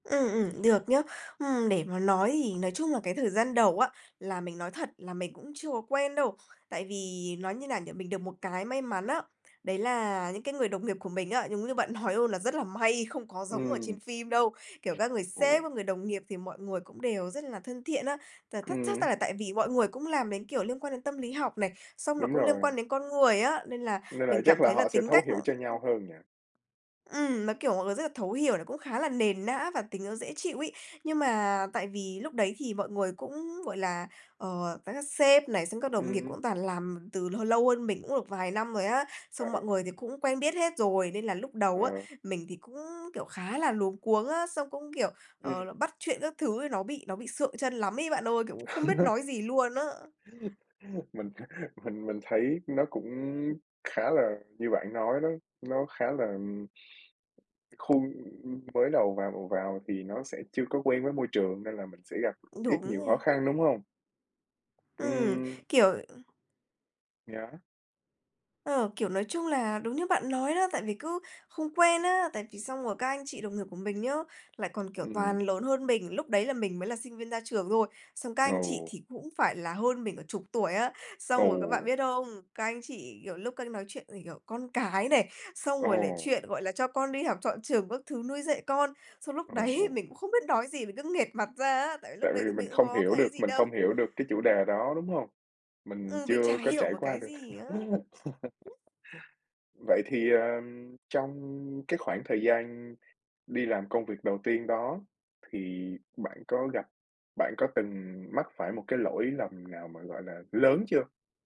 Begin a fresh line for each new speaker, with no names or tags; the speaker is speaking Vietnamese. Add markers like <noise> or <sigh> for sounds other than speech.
Ừm, ừm, được nhá. Ừm, để mà nói thì nói chung là cái thời gian đầu á, là mình nói thật là mình cũng chưa có quen đâu, tại vì nói như nào nhỉ, mình được một cái may mắn á, đấy là những cái người đồng nghiệp của mình á, giống như bạn nói luôn là rất là may, không có giống ở trên
Ừm.
phim đâu, kiểu, các người
Ồ.
sếp, các người đồng nghiệp thì mọi người cũng đều rất là thân thiện á, tà thắt chắc
Ừm.
là tại vì mọi người cũng làm đến, kiểu, liên quan đến tâm lý học này, xong là
Đúng
cũng liên
rồi.
quan đến con người á, nên là
Nên là
mình cảm
chắc là
thấy là
họ sẽ
tính
thấu
cách
hiểu
mọi
cho nhau hơn nhỉ?
Ừm, nó kiểu, mọi người rất là thấu hiểu này, cũng khá là nền nã và tính nó dễ chịu ấy. Nhưng mà tại vì lúc đấy thì mọi người cũng, gọi là, ờ, và các sếp này, xong các đồng nghiệp
Ừm.
cũng toàn làm từ h lâu hơn mình cũng được vài năm rồi á, xong mọi
<unintelligible>
người thì cũng quen biết hết rồi nên là lúc
Ờ.
đầu á, mình thì cũng, kiểu, khá là luống cuống á, xong cũng, kiểu, ờ,
Ừm.
là bắt chuyện các thứ ấy nó bị nó bị sượng trân lắm ấy bạn ơi, kiểu, cũng không biết
<chuckles>
nói gì luôn á.
Mình mình mình thấy nó cũng khá là như bạn nói đó, nó khá là khuôn, ưm, mới đầu vào vào thì nó sẽ chưa có quen với môi trường nên là mình sẽ gặp ít
Đúng
nhiều khó
nè.
khăn, đúng hông?
Ừm,
Ừm.
kiểu, ừm
Yeah.
Ờ, kiểu, nói chung là đúng như bạn nói đó, tại vì cứ không quen á, tại vì xong rồi các anh chị đồng nghiệp của mình nhá, lại còn, kiểu, toàn
Ừm.
lớn hơn mình, lúc đấy là mình mới là sinh viên ra trường thôi, xong các anh chị
Ồ.
thì cũng phải là hơn mình cả chục tuổi á, xong rồi các bạn
Ồ.
biết không? Các anh chị, kiểu, lúc các anh nói chuyện về, kiểu, con cái này, xong rồi lại
Ồ.
chuyện, gọi là, cho con đi học chọn trường các thứ nuôi dạy con, xong lúc
Ồ,
đấy
ồ.
mình cũng không biết nói gì, mình cứ nghệt mặt ra á, tại vì lúc
Tại
đấy
vì
thì
mình
mình cũng
không
có
hiểu
cái ấy
được
gì
mình
đâu.
không hiểu được cái chủ đề đó, đúng hông? Mình
Ừ, mình chả
chưa có
hiểu
trải
một
qua
cái
được.
gì á.
<laughs> Vậy thì, ờ, trong cái khoảng thời gian đi làm công việc đầu tiên đó thì bạn có gặp bạn có từng mắc phải một cái lỗi lầm nào mà, gọi là, lớn chưa?